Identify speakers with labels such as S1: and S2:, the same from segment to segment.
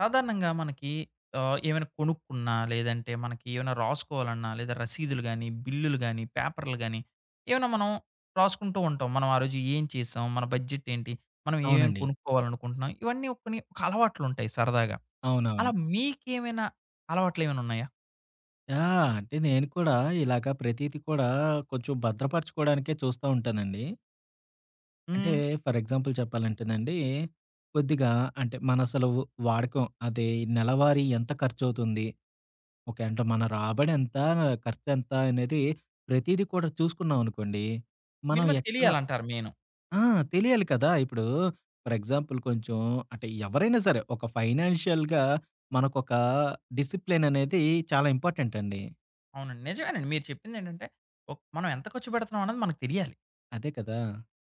S1: సాధారణంగా మనకి ఆహ్, ఏవన్న కొనుక్కున్నా, లేదంటే మనకి ఏవన్న రాసుకోవాలన్నా, లేదా రసీదులు గాని, బిల్లులు గాని, పేపర్లు గాని ఏమన్నా మనం. రాసుకుంటూ ఉంటాం. మనం ఆ రోజు ఏం చేసాం. మన బడ్జెట్ ఏంటి? మనం ఏమేమి
S2: అవునండి.
S1: కొనుక్కోవాలనుకుంటున్నాం. ఇవన్నీ కొన్ని ఒక అలవాట్లుంటయి సరదాగా. అలా
S2: అవునవును.
S1: మీకేమైనా అలవాట్లేమన్నున్నాయా?
S2: ఆ! అంటే నేను కూడా ఇలాగా ప్రతీది కూడా కొంచెం భద్రపరచుకోవడానికే చూస్తా ఉంటానండి. అంటే
S1: హ్మ్.
S2: ఫర్ ఎగ్జాంపుల్ చెప్పాలంటేనండి. కొద్దిగా అంటే మనసలు వాడకం అదే నెలవారీ ఎంత ఖర్చువుతుంది? ఓకే. అంటే మన రాబడెంత? ఖర్చెంత? అనేది ప్రతీదీ కూడా చూసుకున్నామనుకోండి. మనం
S1: మీనిమమ్
S2: ఎక్కడ
S1: తెలియాలంటారు మెయిను.
S2: ఆ! తెలియాలి కదా! ఇప్పుడు ఫర్ ఎగ్జాంపుల్. కొంచెం అంటే ఎవరైనా సరే ఒక ఫైనాన్షియల్‌గా మనకొకా డిసిప్లిన్ అనేది చాలా ఇంపార్టెంటండి.
S1: అవునండి. నిజమేనండి. మీరు చెప్పిందేంటంటే ఓక్ మనం ఎంత ఖర్చు పెడుతున్నాం అన్నది మనకు తెలియాలి.
S2: అదే కదా!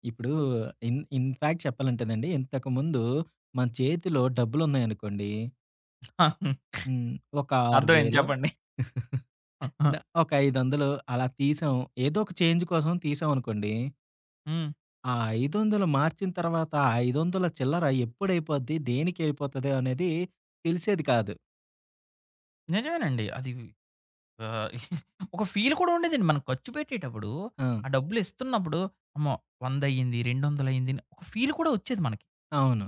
S2: ఇప్పుడు ఇన్ ఇన్‌ఫ్యాక్ట్ చెప్పాలంటేనండి. ఇంతకుముందు మన చేతిలో డబ్బులు ఉన్నాయనుకోండీ హ్మ్. ఒక ఆరు
S1: అర్థమైంది
S2: వేలో
S1: చెప్పండి.
S2: న ఒక 500 అలా తీసాం. ఏదొక చేంజ్ కోసం తీసామనుకోండి.
S1: హ్మ్.
S2: ఆ 500 మార్చిన తర్వాత 500 చిల్లర ఎప్పుడైపోద్ది దేనికైపోతది అనేది తెలిసేది కాదు.
S1: నిజమేనండి. అది. ఆ ఒక ఫీల్ కూడా ఉండేదండి. మనం ఖర్చు పెట్టేటప్పుడు
S2: ఆ!
S1: ఆ డబ్బులిస్తున్నప్పుడు అమ్మో! వందయింది, రెండొందలైంది అని ఒక ఫీల్ కూడా ఒచ్చేది మనకి.
S2: అవును.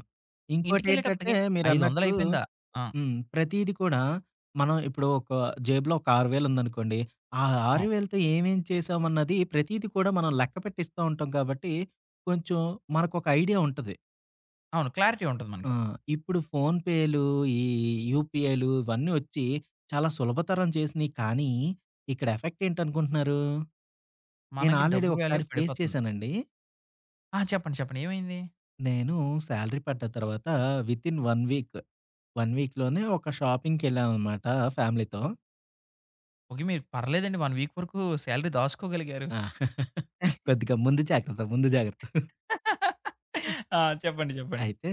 S2: ఇంకోటేంటంటే
S1: ఇంటికెళ్ళేటప్పటికి
S2: మీరన్నట్టు
S1: ఐదొందలయిపోయిందా? ఆ!
S2: హ్మ్. ప్రతీది కూడా, మనం ఇప్పుడు ఒక జేబు‌లో ఒక 6000 ఉందనుకోండి. ఆ
S1: నో.
S2: 6000తో ఏమేం చేశామన్నది ప్రతీది కూడా మనం లెక్కపెట్టిస్తా ఉంటాం కాబట్టి, కొంచెం మనకొక ఐడియా ఉంటది.
S1: అవును. క్లారిటీ ఉంటది
S2: ఆ!
S1: మనకి.
S2: ఇప్పుడు ఫోనుపే‌లు, ఈ యూపీఐలు ఇవన్నీ ఒచ్చి చాలా సులభతరం చేసినయి కానీ, ఇక్కడ ఎఫెక్టేంటనుకుంటున్నారు? నేను
S1: మనకి
S2: ఆల్‌రెడీ
S1: డబ్బు వాల్యూ
S2: ఒకసారి ఫేస్
S1: పడిపోతుంది.
S2: చేశానండి.
S1: ఆ! చెప్పండి. చెప్పండి. ఏమైంది?
S2: నేను శాలరీ పడ్డ తర్వాత వితిన్ 1 వీక్, 1 వీక్‌లోనే ఒక షాపింగ్‌కెళ్ళామనమాట ఫ్యామిలీతో.
S1: ఓకే. మీరు పర్లేదండి, 1 వీక్ వరకు శాలరీ దాసుకోగలిగారు.
S2: ఆ! కొద్దిగా ముందు జాగ్రత్త, ముందు జాగ్రత్త.
S1: ఆ! చెప్పండి చెప్పండి.
S2: అయితే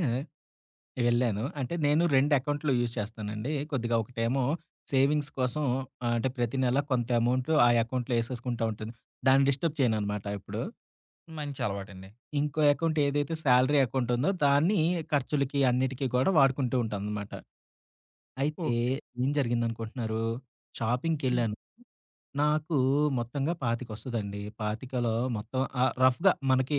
S2: వెళ్ళాను. అంటే, నేను 2 అకౌంట్లు యూజ్ చేస్తానండి. కొద్దిగా ఒకటేమో, సేవింగ్స్ కోసం, ఆహ్, అంటే, ప్రతి నెల కొంత అమౌంటు ఆ అకౌంట్‌లో ఏసేసుకుంటాంటను. దాన్ని డిస్టర్బ్ చేయననమాట ఎప్పుడు.
S1: మంచి అలవాటండి.
S2: ఇంకో అకౌంటేదైతే సాలరీ అకౌంటుందో దాన్ని, ఖర్చులకి అన్నిటికి కూడా వాడుకుంటూంటాననమాట. అయితే
S1: ఓకే.
S2: ఏం జరిగిందనుకుంటున్నారు?
S1: హ్మ్.
S2: షాపింగ్‌కెళ్ళాను. నాకు మొత్తంగా పాతిక వస్తదండి. పాతికలో మొత్తం ఆహ్, రఫ్‌గా మనకి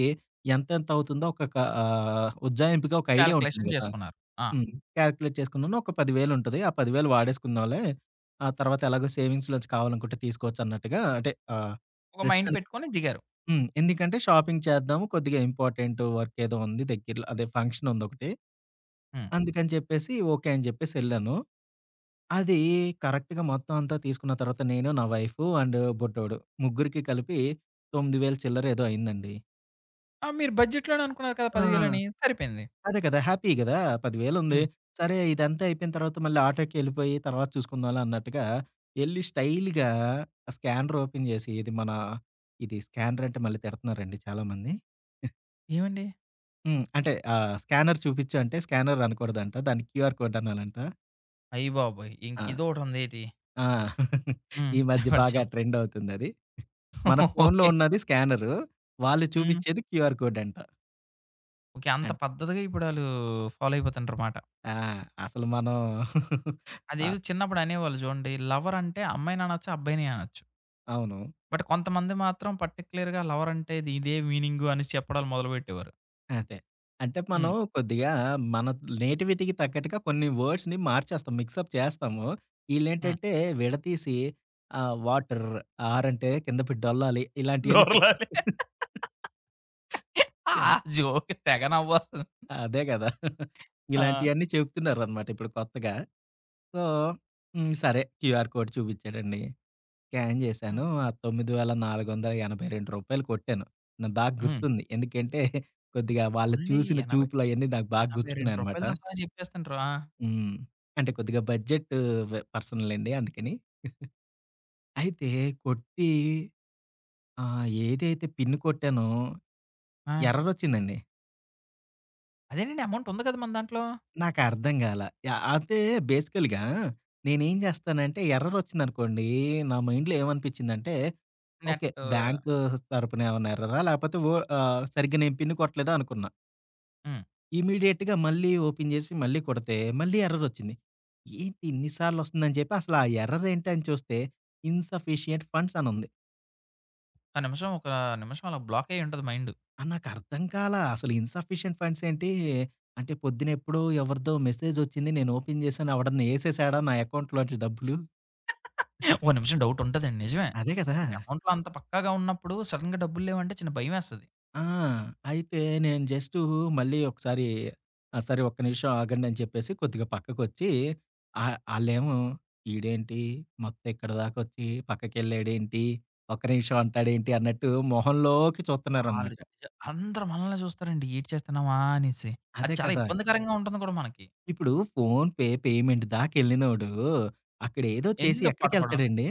S2: ఎంత ఎంతవుతుందో ఒక కా ఆహ్, ఉజ్జాయింపుగా ఒక ఐడియా ఉంటుంది
S1: కాలిక్యులేషన్
S2: కదా!
S1: చేసుకున్నారు. ఆ!
S2: హ్మ్. క్యాలిక్యులేట్ చేసుకున్నాను. ఒక 100ే00 ఆ 10000 వాడేసుకుందాామలేే. ఆ తర్వాత ఎలాగో సేవింగ్స్‌లోంచి కావాలనుకుంటే తీసుకోవచ్చన్నట్టుగా అంటే, ఆహ్,
S1: ఒక మైండ్
S2: ప్రస్తుతానికి
S1: పెట్టుకొని దిగారు.
S2: హ్మ్. ఎందుకంటే, షాపింగ్ చేద్దాము, కొద్దిగా ఇంపార్టెంటు వర్క్ ఏదో ఉంది దగ్గరలో అదే ఫంక్షనుందొకటి.
S1: హ్మ్.
S2: అందుకని చెప్పేసి ఓకే. అని చెప్పేసి ఎళ్ళాను. అది కరెక్ట్‌గా మొత్తం అంతా తీసుకున్న తర్వాత నేను, నా వైఫు అండ్ బుడ్డోడు. ముగ్గురికి కలిపి 9000ల చిల్లర ఏదో అయిందండి.
S1: ఆ! మీరు బడ్జెట్లోనే అనుకున్నారు కదా.
S2: ఆ!
S1: 10000 అని సరిపోయింది.
S2: అదే కదా! హ్యాపీ గదా! 10000 ఉంది.
S1: హ్మ్.
S2: సరే ఇదంతా అయిపోయిన తర్వాత మళ్ళీ ఆటోకేళ్ళిపోయి. తర్వాత చూసుకుందాంలే అన్నట్టుగా. యేళ్లి స్టైల్‌గా. స్కానర్ ఓపెన్ చేసి. ఇది మన ఇది స్కానర్ అంటే మళ్ళీ తిడతున్నారండి చాలామంది. హ్మ్.
S1: ఏమండి?
S2: హ్మ్. అంటే ఆహ్, స్కానర్ చూపించి. అంటే స్కానర్ అనకూడదంట. దాన్ని క్యూఆర్ కోడ్ అనాలంటా?
S1: అయ్యబాబోయ్! ఇంక
S2: ఆ!
S1: ఇదోకటుందేటి?
S2: ఆ!
S1: హ్మ్.
S2: ఈ మధ్య
S1: చెప్పండీ
S2: బాగా
S1: చెప్ప
S2: ట్రెండ్ అవుతుందది. మన ఫోన్లో
S1: ఓకే.
S2: ఉన్నది స్కానర్. వాళ్ళు
S1: హ్మ్.
S2: చూపించేది క్యూఆర్ కోడ్ అంట.
S1: ఓకే. అంత
S2: అది.
S1: పద్ధతిగా ఇప్పుడళ్ళు. ఫాలో అయిపోతుండారమాట.
S2: ఆ! అసలు మనం ఆ!
S1: అదేదో చిన్నప్పుడు అనేవాళ్ళు చూడండి లవర్ అంటే అమ్మాయిని అనొచ్చు అబ్బాయిని అనొచ్చు.
S2: అవును.
S1: బట్ కొంతమంది మాత్రం పర్టిక్యులర్‌గా లవర్ అంటే ఇది ఇదే మీనింగ్గు అనేసి చెప్పడాాలు మొదలుపెట్టేవారు.
S2: అంతే. అంటే మనం
S1: హ్మ్.
S2: కొద్దిగా మన నేటివిటీకి తగ్గట్టుగా కొన్ని వర్డ్స్‌ని మార్చేస్తాం. మిక్సప్ చేస్తాము.
S1: హ్మ్.
S2: ఇళ్ళేంటంటే విడతీసి ఆ! వాటర్ ఆర్ అంటే కింద పెడి డ్డొల్లాలి. ఇలాంటియన్నీ చెప్తుంటా
S1: దొరలలి ఆ
S2: యాహ్!
S1: జోక్‌కి తెగనవోస్తది.
S2: అదే కదా!
S1: ఆ!
S2: ఇలాంటియన్నీ చెప్తున్నారనమాట ఇప్పుడు కొత్తగా. సో హ్మ్. సరే. QR code చూపించాడండి. స్కాన్
S1: హ్మ్.
S2: చేశాను. ఆ 9482 కొట్టాను. నాకు బా
S1: హ్మ్.
S2: గుర్తుంది. ఎందుకంటే కొద్దిగా వాళ్ళు
S1: అవునండి
S2: చూసిన
S1: ఎనభై
S2: చూపులువన్నీ నాకు బాగా
S1: ఎనభై రెండు
S2: గుర్చ్చుకున్నాయన్నమాట.
S1: రూపాయాలతో సహా చెప్పేస్తుంటారు. ఆ!
S2: హ్మ్. అంటే కొద్దిగా బడ్జెట్ వె పర్సన్లెండి అందుకని. అయితే కొట్టీ ఆ! ఏదైతే పిన్ కొట్టానో.
S1: ఆ!
S2: ఎర్రరోచ్చిందండి.
S1: అదేనండి. అమౌంటుంది కదా! మన దాంట్లో?
S2: నాకర్థం గాలా. యాహ్! అంతే బేసికల్‌గా, నేనేం చేస్తానంటే ఎర్రరొచ్చిందనుకోండి. నా మైండ్‌లో ఏమనిపించిందంటే ఓకే.
S1: నెట్టు.
S2: బ్యాంకు తరపునేమన్నా ఎర్రరా? లేపోతే ఓ ఆహ్, సరిగ్గా నేను పిన్ను కొట్టలేదా అనుకున్నా.
S1: హ్మ్.
S2: ఇమ్మీడియేట్‌గా మళ్ళీ ఓపెన్ చేసి మళ్ళీ కొడితే మళ్ళీ ఎర్రరొచ్చింది. ఏంటి ఇన్ని సార్లు వస్తుందని చెప్పి అసల ఎర్రరేంటని చూస్తే. ఇన్‌సఫిషియంట్ ఫండ్స్ అనుంది.
S1: ఆ నిమిషం ఒక నిమిషం అలా బ్లాకయ్యుంటది మైండు.
S2: ఆ! నాకర్థం కాలా అసలు ఇన్‌సఫిషియంట్ ఫండ్స్ ఏంటి అంటే పొద్దున ఎప్పుడో ఎవరిదో మెసేజొచ్చింది. నేను ఓపెన్ చేసాను. ఎవడన్నా ఏసేసాడా నా అకౌంట్లోంచి డబ్బులు?
S1: ఓ నిమిషం డౌటుంటదండి నిజమే.
S2: అదే కదా!
S1: మనకి అమౌంట్‌లో అంత పక్కాగా ఉన్నప్పుడు సడెన్‌గా డబ్బులు లేవంటే చిన్న భయమేస్తది.
S2: ఆ! అయితే నేను జస్టు మళ్ళీ ఒకసారి ఆహ్, సరే ఒక్క నిమిషం ఆగండి అని చెప్పేసి కొద్దిగా పక్కకొచ్చి. ఆహ్, ఆళ్ళేమో ఈడేంటి మొత్తం ఇక్కడి దాకా వచ్చి పక్కకెళ్ళాడేంటి, ఒక నిమిషం అంటాాడు ఏంటి అన్నట్టు మొహంలోకి చూతున్నారనమాట.
S1: ఆలోచిచా అందరూ మనలనే చూస్తారండి. ఏటి చేస్తున్నామా అనేసి. అది
S2: అదే
S1: చాలా
S2: కదా!
S1: ఇబ్బందికరంగా ఉంటుంది కూడా మనకి.
S2: ఇప్పుడు ఫోన్ పే పేమెంట్ దాకా ఎళ్ళినోడు అక్కడేదో చేసి
S1: ఎందుకు పట్టుకోవటం
S2: ఎక్కడికెళ్తాడండి?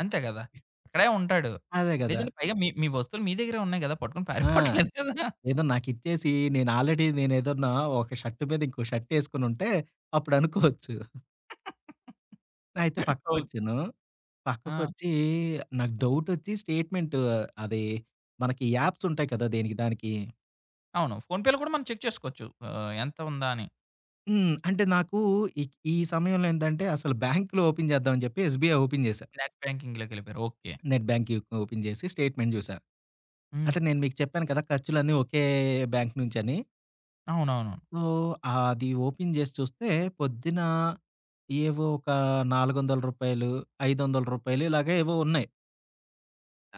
S1: అంతే కదా! అక్కడే ఉంటాడు.
S2: అదే కదా!
S1: లేదంటే పైగా మీ మీ వస్తువులు మీ దగ్గరే ఉన్నాయి కదా! పట్టుకొని
S2: ఆ!
S1: పారిపోవట్లేదు కదా!
S2: ఏదో నాకిచ్చేసి నేను ఆల్రెడీ నేనుదొన్నా ఒక షర్టు మీద ఇంకో షర్టేసుకొనుంటే అప్పుడు అనుకోవచ్చు. అయితే
S1: ఓకే.
S2: పక్కకొచ్చాను.
S1: ఆ!
S2: పక్కకొచ్చి నాకు డౌటొ‌చ్చి, స్టేట్మెంటు అది మనకి ఈ యాప్సుంటాయి కదా దేనికి దానికి.
S1: అవును. ఫోన్‌పేలో కూడా మనం చెక్ చేసుకోవచ్చు. ఆహ్, ఎంత ఉందా అని.
S2: హ్మ్. అంటే నాకు ఈక్ ఈ సమయంలో ఏందంటే అసలు బ్యాంక్‌లో ఓపెన్ చేద్దాం అని జెప్పి ఎస్‌బిఐ ఓపెన్ చేశా.
S1: నెట్ బ్యాంకింగ్‌లోకెళ్ళిపోయారు. ఓకే.
S2: నెట్ బ్యాంకింగ్ యు ఓపెన్ చేసి, స్టేట్మెంట్ చూసా.
S1: హ్మ్.
S2: అంటే నేను మీకు చెప్పాను కదా! ఖర్చులన్నీ ఒకే బ్యాంక్ నుంచని.
S1: అవునవును.
S2: సో, అది ఓపెన్ చేసి చూస్తే, పొద్దునా ఏవో ఒక రూ. 400, రూ. 500 ఇలాగా ఏవో ఉన్నాయి.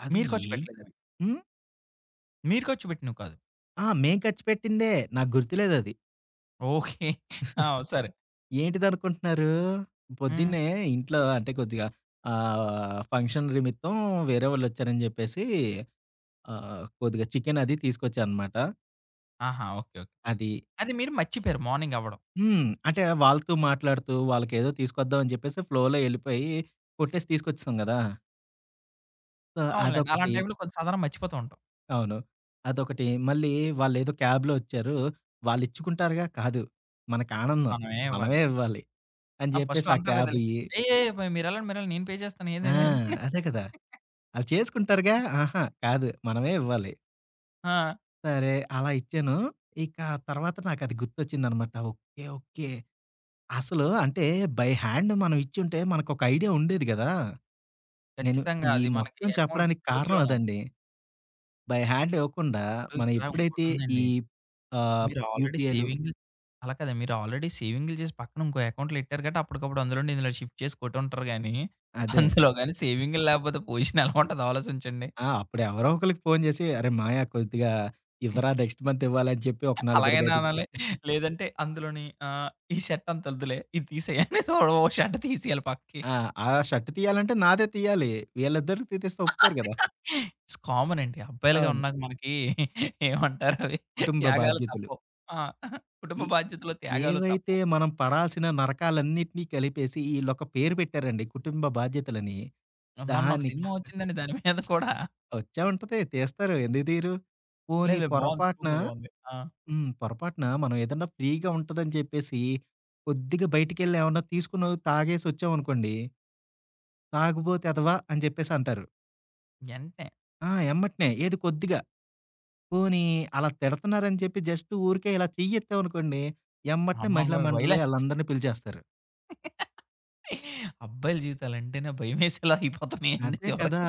S2: అది
S1: మీరు ఖర్చు
S2: ఎ
S1: పెట్టలేదవి.
S2: హ్మ్.
S1: మీరు ఖర్చు పెట్టినివి కాదు.
S2: ఆ! మేము ఖర్చుపెట్టిందే నాకు గుర్తులేదది.
S1: ఓకే. ఆ! సరే.
S2: ఏంటిదినుకుంటున్నారు?
S1: హ్మ్.
S2: పొద్దున్నే ఇంట్లో అంటే కొద్దిగా. ఆహ్, ఫంక్షన్ నిమిత్తం వేరే వాళ్ళొచ్చారని చెప్పేసి. ఆహ్, కొద్దిగా చికెను అది తీసుకొచ్చానమాట.
S1: ఆహా! ఓకే. ఓకే.
S2: అది
S1: అది మీరు మర్చిపోయారు మార్నింగవ్వడం.
S2: హ్మ్. అంటే వాళ్ళతో మాట్లాడుతూ వాళ్ళకేదో తీసుకొద్దాం అని చెప్పేసి, ఫ్లోలో ఎళ్ళిపోయి కొట్టేసి తీసుకొచ్చేసాం కదా! సో,
S1: అవునులెండి.
S2: అదొకటి.
S1: అలాంటి టైంలో కొంచం సాధారణం మర్చిపోతూ ఉంటాం.
S2: అవును. అదొకటి. మళ్ళీ వాళ్ళేదో క్యాబ్‌లో వచ్చారు. వాళ్ళు ఇచ్చుకుంటారుగా కాదు. మనకు ఆనందం.
S1: మనమే ఇవ్వాలి.
S2: మనమే ఇవ్వాలి. అని
S1: ఆహ్, ఫస్ట్
S2: చెప్పేసి ఆ
S1: అంటారు కదా!
S2: క్యాబుయి.
S1: "ఏ ఏ పో మీరు ఎళ్ళండి, మీరెళ్ళ నేను పే చేస్తాను
S2: ఆ!
S1: ఏదైనాని."
S2: అదే కదా! అలా చేసుకుంటారుగా. ఆహా! కాదు మనమే ఇవ్వాలి.
S1: ఆ!
S2: సరే, అలా ఇచ్చాను. ఇక తర్వాత నాకు అది గుర్తొచ్చిందనమాట. ఓకే. ఓకే. అసలు అంటే బై హ్యాండ్ మనం ఇచ్చుంటే, మనకొక ఐడియా ఉండేది కదా! నేను
S1: ఖచ్చితంగా
S2: ఈ
S1: అది మనకి
S2: మొత్తం
S1: అకౌంట్
S2: చెప్పడానికి కారణం
S1: టూబులోన ఉన్
S2: అదండి. బై హ్యాండ్ ఇవ్వకుండా
S1: డు
S2: మనం
S1: ఇక్కడా
S2: ఎప్పుడైతే ఈ
S1: ఇంకోటుందండి.
S2: ఆహ్,
S1: మీరు ఆల్రెడీ
S2: యూపీఎలు.
S1: సేవింగ్ అలా కదండి. మీరు ఆల్రెడీ సేవింగులు చేసి, పక్కన ఇంకో అకౌంట్లు ఎట్టారు కాట్టి, అప్పటికప్పుడు అందులోడి ఇందులో షిఫ్ట్ చేసి కొటు ఉంటారు గానీ,
S2: అదే.
S1: అందులోగానీ సేవింగ్లు లేకపోతే పోజిషన్ ఎలా ఉంటదా ఆలోచించండి.
S2: ఆ! అప్పుడు ఎవరో ఒకళ్ళకి ఫోను చేసి "అరే మాయా కొద్దిగా ఇవ్వరా నెక్స్ట్ మంత్ ఇవ్వాలి" అని చెప్పి ఒక
S1: అలాగే
S2: నలుగురుకి ఐదుగురికి
S1: అనాలి. లేదంటే అందులోని, ఆహ్, "ఈ షర్ట్ అంత్తొద్దులే, ఇది తీసేయి" అని తోడ ఒక షర్ట్ తీసేయాలి పక్కకి.
S2: ఆ! ఆ షర్ట్ తీయాలంటే నాదే తీయాలి. వీళ్ళిద్దరూ తీతేస్తే ఒప్పుకోరు
S1: అది
S2: కదా!
S1: కా కామన్ అండి. అబ్బాయిలుగా
S2: అవును.
S1: ఉన్నాక మనకి, ఏమంటారు అవి
S2: కుటుంబ
S1: త్యాగాలు
S2: బాధ్యతలు.
S1: తప్పువు. ఆ! కుటుంబ
S2: ఇ
S1: బాధ్యతలో త్యాగాలు
S2: ఏవైతే
S1: తప్పువు.
S2: మనం పడాల్సిన నరకాలన్నిటిని కలిపేసి, ఈళ్ళొక పేరు పెట్టారండి కుటుంబ బాధ్యతలని.
S1: మొన్న ఒక
S2: దాని
S1: సినిమా వచ్చిందండి దాని మీద కూడా
S2: వచ్చే ఉంటది. తీస్తారు ఎందుకు తీరు? పోనీ
S1: లేదు. బాగుంది. సినిమా
S2: పొరపాటున
S1: కూడా బాగుంది. ఆ!
S2: హ్మ్. పొరపాటున మనం ఏదన్నా ఫ్రీగా ఉంటదని చెప్పేసి, కొద్దిగా బయటికెళ్ళి ఏమన్నా తీసుకున్న తాగేసి వచ్చామనుకోండి. తాగబోతేదవ అని చెప్పేసి అంటారు.
S1: ఎంటనే
S2: ఆ! ఎమ్మటనే. ఏది కొద్దిగా. పోనీ అలా తిడతన్నారని చెప్పి జస్ట్ ఊరికే ఇలా చెయ్యెత్తామనుకోండి. ఎమ్మటనే
S1: అమ్మ బాబు
S2: మహిళా మండలి
S1: వయలెన్స్
S2: ఆళ్ళందరిని పిలిచేస్తారు.
S1: అబ్బాయిల జీవితాలంటేనే భయమేసేలా అయిపోతున్నాయండి
S2: అదే కదా!
S1: చివరికి.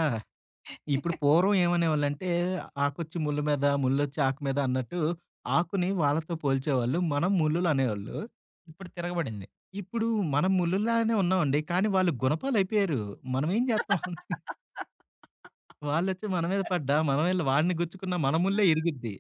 S2: ఇప్పుడు పూర్వం ఏమనేవాళ్ళంటే "ఆకొచ్చి ముల్లు మీద ముల్లొచ్చి ఆకు మీద" అన్నట్టు, ఆకుని వాళ్ళతో పోల్చేవాళ్ళు మనం ముల్లులనేవాళ్ళు.
S1: ఇప్పుడు తిరగబడింది.
S2: ఇప్పుడు మనం ముల్లుల్లాగానే ఉన్నామండి. కానీ వాళ్ళు గునపాలయిపోయారు. మనం ఏం జేత్తాం. వాళ్ళొచ్చి మన మీద పడ్డా, మనమెళ్ళి వాడిని గుచ్చుకున్న మన ముల్లే
S1: ఆ!
S2: ఇరిగిద్ది.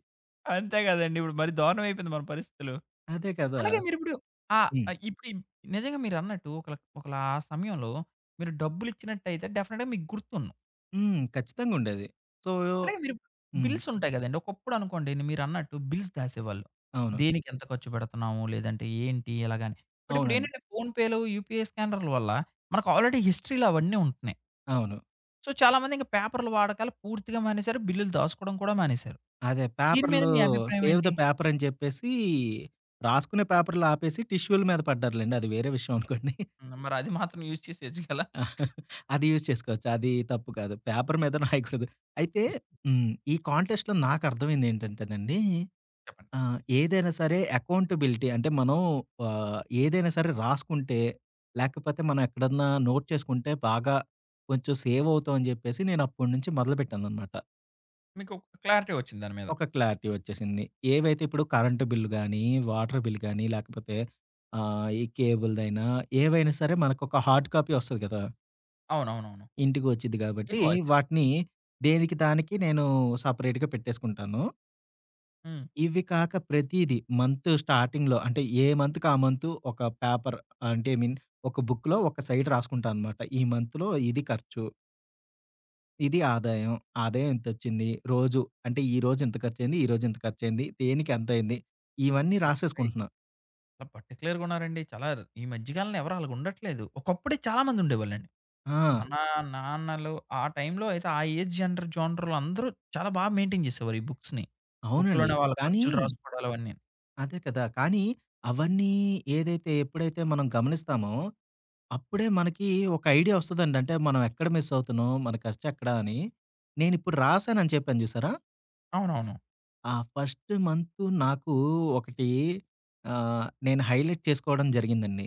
S1: అంతే కదండి. ఇప్పుడు మరీ దారుణం అయిపోయింది మన పరిస్థితులు.
S2: అదే కదా!
S1: అలాగే
S2: స్
S1: మీరిప్పుడు ఆ!
S2: హ్మ్.
S1: ఆహ్, ఇప్పుడు ఈమ్ నిజంగా మీరన్నట్టు ఒకళ ఒకలా సమయంలో మీరు డబ్బులిచ్చినట్టయితే డెఫనెట్‌గా మీకు గుర్తున్ను
S2: హ్మ్. ఖచ్చితంగా ఉండేది. సో
S1: అలాగే మీరు
S2: హ్మ్.
S1: బిల్స్ ఉంటాయి గదండి. ఒకప్పుడనుకోండి మీరన్నట్టు బిల్స్ దాసేవాళ్ళు.
S2: అవును.
S1: దేనికెంత ఖర్చుపెడుతున్నాము? లేదంటే ఏంటి ఎలాగాని? బట్
S2: అవునండి.
S1: ఇప్పుడేంటంటే ఫోనుపేలు యూపీఎ స్కానర్ల వల్ల మనకి ఆల్‌రడీ హిస్టరీలో అవన్నీ ఉంటున్నాయి.
S2: అవును.
S1: సో, చాలామందింక పేపర్ల వాడకాలు పూర్తిగా మానేశారు. బిల్లులు దాసుకోడం కూడా మానేశారు.
S2: అదే
S1: దీని మీద
S2: పేపర్‌లో
S1: మీ అభిప్రాయం
S2: సేవ్ ద
S1: ఎంటి?
S2: పేపర్ అని జెప్పేసి రాసుకునే పేపర్లు ఆపేసి టిష్యూల మీద పడ్డారులెండి. అది వేరే విషయం అనుకోండి.
S1: హ్మ్. మరి అది మాత్రం యూజ్ చేసేయొచ్చు గలా.
S2: అది యూజ్ చేసుకోవచ్చు. అది తప్పు కాదు. పేపరు మీద రాయకూడదు. అయితే హ్మ్. ఈ కాంటెస్ట్‌‌లో నాకర్థమైందేంటంటేనండి,
S1: చెప్పండి.
S2: ఆహ్, ఏదైనా సరే ఎకౌంటబిలిటీ. అంటే, మనం ఆహ్, ఏదైనా సరే రాసుకుంటే. లేకపోతే మనం ఎక్కడన్నా నోట్ చేసుకుంటే బాగా కొంచెం సేవవుతాం అని జెప్పేసి నేను అప్పటి నుంచి మొదలుపెట్టాననమాట.
S1: మీకు ఒక క్లారిటీ ఒచ్చింది దాని మీద.
S2: ఒక క్లారిటీ ఒచ్చేసింది. ఏవైతే ఇప్పుడు కరెంటు బిల్లు గానీ, వాటర్ బిల్ కానీ, లేకపోతే ఆహ్, ఈ కేబుల్‌దైనా ఏవైనా సరే, మనకొక హార్డ్ కాపీ ఒస్తది కదా!
S1: అవునవునవును.
S2: ఇంటికి వచ్చిద్ది కాబట్టి,
S1: ఇన్‌వాయిస్సా?
S2: వాటిని దేనికి దానికి నేను సపరేట్‌గా పెట్టేసుకుంటాను.
S1: హ్మ్.
S2: ఇవి కాక ప్రతీదీ మంత్ స్టార్టింగ్‌లో అంటే, ఏ మంత్‌కి ఆ మంతు, ఒక పేపర్ అంటే ఐ మీన్ ఒక బుక్కులో ఒక సైడ్ రాసుకుంటా అనమాట. ఈ మంత్‌లో ఇది ఖర్చు. ఇది ఆదాయం. ఆదాయం ఇంతొచ్చింది, రోజు అంటే ఈ రోజు ఇంత ఖర్చు అయింది, ఈ రోజు ఇంత ఖర్చు అయింది, దేనికి ఎంత అయింది, ఇవన్నీ
S1: అయ్య‌ బాబోయి!
S2: రాసేసుకుంటున్నా.
S1: పార్టిక్యులర్‌గా ఉన్నారండి. చాలా ర్ ఈ మధ్య కాలంలో ఎవరు అలాగా ఉండట్లేదు. ఒకప్పుడే చాలామందుండేవాళ్ళండి.
S2: ఆ!
S1: మన నాన్నలు ఆ టైమ్ంలో అయితే, ఆ ఏజ్ జెంటర్ జానర్‌లో అందరూ చాలా బాగా మెయింటైన్ చేసేవారు ఈ బుక్స్‌ని.
S2: అవునండి.
S1: బక్కులోనే వాళ్ళ
S2: కానీ
S1: ఖర్చులు రాసుకోడాలవన్నీ.
S2: అదే కదా! కానీ అవన్నీ ఏదైతే ఎప్పుడైతే, మనం గమనిస్తామో, అప్పుడే మనకి ఒక ఐడియా ఒస్తదండి. అంటే మనం ఎక్కడ మిస్సవుతున్నాం మన ఖర్చు ఎక్కడ అని, నేను ఇప్పుడు రాసానుని చెప్పాను చూసారా?
S1: అవునవును.
S2: ఆ! ఫస్టు మంతు నాకు ఒకటి ఆహ్, నేను హైలైట్ చేసుకోవడం జరిగిందండి.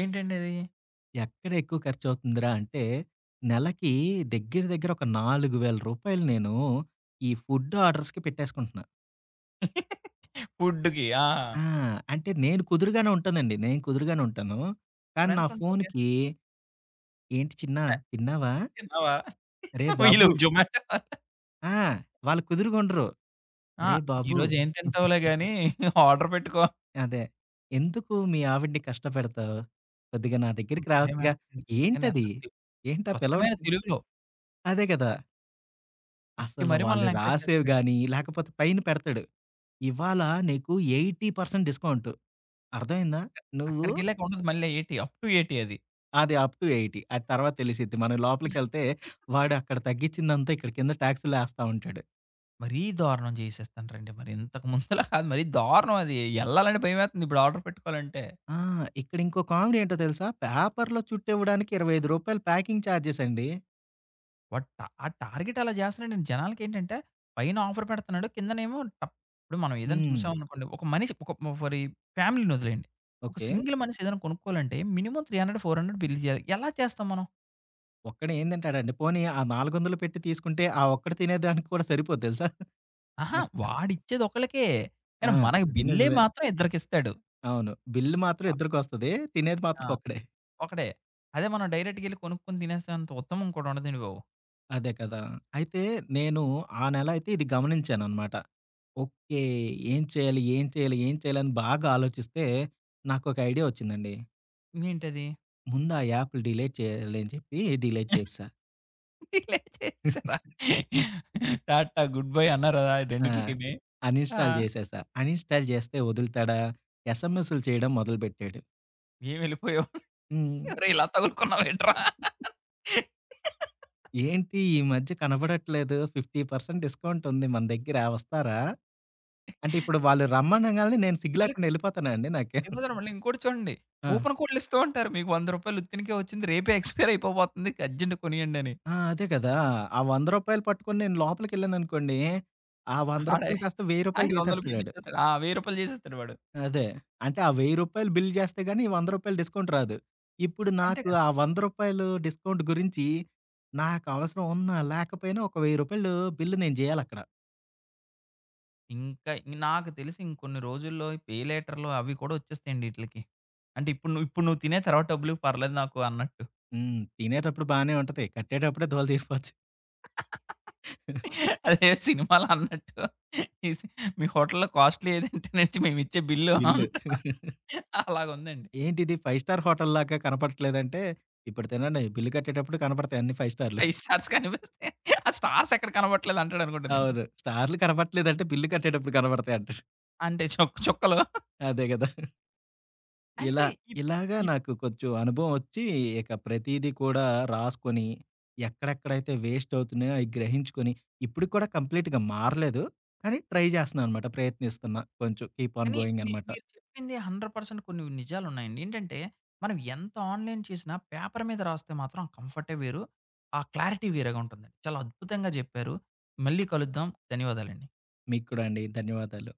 S1: ఏంటండది?
S2: ఎక్కడెక్కువ ఖర్చువుతుందిరాంటే? నెలకి దగ్గర, దగ్గర రూ. 4000 నేను ఈ ఫుడ్ ఆర్డర్స్‌కి పెట్టేసుకుంటున్నా.
S1: ఫుడ్‌డుకి. ఆ!
S2: ఆ! అంటే, నేను కుదరగానే ఉంటానండి. నేను కుదరగానే ఉంటాను. కానీ, నా
S1: ఫ్రెండ్సుంటారు‌గా?
S2: ఫోనుకి ఏంటి చిన్నా?
S1: వ
S2: తిన్నావా?
S1: తిన్నవా?
S2: అరే!
S1: వీళ్ళు
S2: బాబు!
S1: జొమాటా వాళ్ళు.
S2: ఆ! వాళ్ళు కుదురుగుండరు.
S1: ఆ!
S2: అరే! బాబు!
S1: ఈరోజు ఏం తింటావులే గానీ, ఆర్డర్ పెట్టుకో.
S2: అదే. ఎందుకు, మీ ఆవిడిని కష్టపెడతావు? కొద్దిగా, నా
S1: హ్మ్.
S2: దగ్గరికి
S1: భలే!
S2: రావచ్చుగా.
S1: పెడతారండి. కానీ, ఎంత
S2: ఏంటది?
S1: తె
S2: ఏంటా పిల్లవాడ [unintelligible]
S1: స్వచ్చమైన
S2: మేంటి?
S1: తెలుగులో.
S2: అదే గదా!
S1: తిట్టి
S2: అసలు
S1: మరి,
S2: వాళ్ళు
S1: మనల్ని ఎంకరేజ్
S2: రాసేవి
S1: చేస్తారండి.
S2: గాని, లేకపోతే పైన పెడతాడు. ఇవాళ నీకు 80% డిస్కౌంటు. అర్థమైందా?
S1: అక్క
S2: నువ్వు
S1: అక్కడికెళ్ళాక ఉండదు మళ్ళా ఎయిటీ, అప్‌ టూ 80 అది.
S2: అది అప్ టూ 80. అది తర్వాత తెలిసిద్ది. మనం లోపలికెళ్తే వాడు అక్కడ తగ్గించిందంతా, ఇక్కడ కింద ట్యాక్స్‌ల్లో ఎస్తా ఉంటాడు.
S1: మరీ దారుణం చేసేస్తండ్రండి. మరి ఇంతక ముందలది మరీ దారుణం అది. ఎళ్ళాలంటే, భయమేతుంది, ఇప్పుడు ఆర్డర్ పెట్టుకోవాలంటే.
S2: ఆ! ఇక్కడింకో కామెడీ ఏంటో తెలుసా? పేపరులో చుట్టివ్వడానికి రూ. 25 ప్యాకింగ్ ఛార్జెసండి.
S1: వాడు ట ఆ టార్గెట్ అలా చేస్తున్నాడు. నేను జనాలకేంటంటే, పైన ఆఫర్ పెడుతున్నాడు కిందనేమో టప్ ఇప్పుడు మం ఏదైనా
S2: హ్మ్.
S1: చూసాంనుకోండి. ఒక మనిష ఒక ఫరి ఫ్యామిలీని వదిలేండి. ఒక
S2: ఓకే.
S1: సింగిల్ మనీసేదైనా కొనుక్కోవాలంటే మినిమమ్ 300, 400 బిల్ చేయాలి. ఎలా చేస్తాం మనం?
S2: ఒక్కడే ఏందంటాడండి. పోనీ ఆ 400 పెట్టి తీసుకుంటే, ఆ ఒక్కడు తినేదానికి కూడా సరిపోద్దు తెలుసా.
S1: అహా!
S2: మోత
S1: వాడిచ్చేది ఒకళ్ళకే.
S2: ఆ!
S1: కానీ మనకి
S2: అది
S1: బిల్లే
S2: నిజమే.
S1: మాత్రం ఇద్దరికిస్తాడు.
S2: అవును. బిల్లు మాత్రం
S1: అ
S2: ఇద్దరికొస్తది. తినేది
S1: ఆ!
S2: మాత్రం ఒక్కడే.
S1: ఒకడే. అదే మనం డైరెక్ట్‌గేళ్లి కొనుక్కొని తినేసేంత ఉత్తమం ఇంకోటి ఉండదండి బాబు.
S2: అదే కదా! అయితే నేను ఆ నెల అయితే ఇది గమనించాననమాట. ఓకే. ఏం చేయాలి? ఏం చేయాలి? ఏం చేయాలిని బాగా ఆలోచిస్తే, నాకొక ఐడియా వచ్చిందండి.
S1: ఏంటది?
S2: ముందు ఆ యాప్లు డిలేట్ చేయాలి అని చెప్పి డిలేట్ చేసా.
S1: ఈలే చేసారా టా టా గుడ్ బాయ్ అన్నారదా
S2: ఆ!
S1: రెండిట్లకిని?
S2: అన్
S1: ఆ!
S2: ఇన్స్టాల్ చేసేసా. అన్ ఇన్స్టాల్ చేస్తే వదులుతాడా? ఎస్ఎంఎస్లు చేయడం మొదలుపెట్టాడు.
S1: ఏం వెళ్ళిపోయావు.
S2: హ్మ్.
S1: అరే! ఇలా తగునుకున్నావేట్ర?
S2: ఏంటి ఈ మధ్య కనబడట్లేదు. 50% డిస్కౌంట్ ఉంది మన దగ్గర వస్తారా? అంటే ఇప్పుడు వాళ్ళు రమ్మనంగానే నేను సిగ్గు
S1: అలా
S2: లేకుండా వెళ్ళిపోతుాన్నా అండి నాకే
S1: ఏమోదన్న మళ్ళీ ఇంకోటి చూడండి.
S2: ఆ!
S1: కూపన్ కోడ్లి ఇస్తూ ఉంటారు. మీకు 100 రూపాయలు ఉత్తినికే వచ్చింది. రేపే ఎక్స్పైర్ అయిపోబోతుంది ఇక అర్జెంట్‌గా కొనియండని.
S2: ఆ! అదే కదా! ఆ 100 రూపాయలు పట్టుకొని నేను లోపలికిెళ్ళాననుకోండి. ఆ 100
S1: అడే.
S2: రూపాయలు కాస్త 1000 రూపాయలు
S1: 500 బిల్లు
S2: చేసేస్తడాడు.
S1: ఇచ్చిపోతాడు. ఆ! వెయ్యి రూపాయలు చేసేస్తాడు వాడు.
S2: అదే. అంటే ఆ 1000 రూపాయలు బిల్లు చేస్తే గానీ వంద రూపాయలు డిస్కౌంట్ రాదు. ఇప్పుడు
S1: అంతే
S2: నాకు
S1: కదండీ!
S2: ఆ 100 రూపాయలు డిస్కౌంట్ గురించి నాకు అవసరం ఉన్న లేకపోయినా ఒక 1000 రూపాయలు బిల్లు నేను జేయాలక్కడ.
S1: ఇంకా య్ నాకు తెలిసి ఇంకొన్ని రోజుల్లో, ఈ పెయిలేటర్లు అవి కూడా వచ్చేస్తాయండి ఈటిలకి, అంటే ఇప్పుడు నువ్ ఇప్పుడు నువ్వు తినే తర్వాత డబ్బులువ్వు పర్లేదు నాకు అన్నట్టు.
S2: హ్మ్. తినేటప్పుడు బానే ఉంటది. కట్టేటప్పుడే దూలదీరిపోద్ధి.
S1: అదే సినిమాలో అన్నట్టు మీ సి మి హోటల్లో కాస్ట్‌లీ ఏదంటే, నే ఇచ్చే మేమిచ్చే బిల్లు
S2: బిల్లు.
S1: అంటాడు. అలాగా ఉందండి.
S2: ఏంటిది 5 స్టార్ హోటల్లాగా కనపడట్లేదంటే, ఇప్పడు తినండి బిల్లు కట్టేటప్పుడు కనపడతాయి అన్ని 5 స్టార్లు.
S1: అయ్ స్టార్స్ కనిపిస్తే, ఆ స్టార్సెక్కడ కనబట్లేదంటాడు అనుకుంటానండి.
S2: అవును. స్టార్లు కనబడట్లేదంటే బిల్లు కట్టేటప్పుడు కనబడతాయింటాడు.
S1: అంటే చుక్ చుక్కలు.
S2: అదే కదా! ఇలా
S1: అయితే ఇప్
S2: ఇలాగా
S1: ఇప్
S2: నాకు కొంచెం అనుభవం వొచ్చి, ఇక ప్రతీదీ కూడా రాసుకొని, ఎక్కడెక్కడైతే వేస్టవుతున్నాయో, అయి గ్రహించుకొని ఇప్పుడుకి కూడా కంప్లీట్‌గా మారలేదు, కానీ ట్రై చేస్తున్నా అనమాట. ప్రయత్నిస్తున్నా కొంచెం. కీప్ ఆన్
S1: కానీ మీ
S2: గోయింగనమాట.
S1: మీరు చెప్పింది 100% కొన్ని నిజాలున్నాయండి. ఏంటంటే, మనము ఎంత ఆన్‌లైన్ చేసినా, పేపర్ మీద రాస్తే మాత్రం ఆ కంఫర్టే వేరు, ఆ క్లారిటీ వేరేగుంటుందండి. చాలా అద్భుతంగా చెప్పారు. మళ్ళీ కలుద్దాం. ధన్యవాదాలండి.
S2: మీకు కూడా అండి. ధన్యవాదాలు.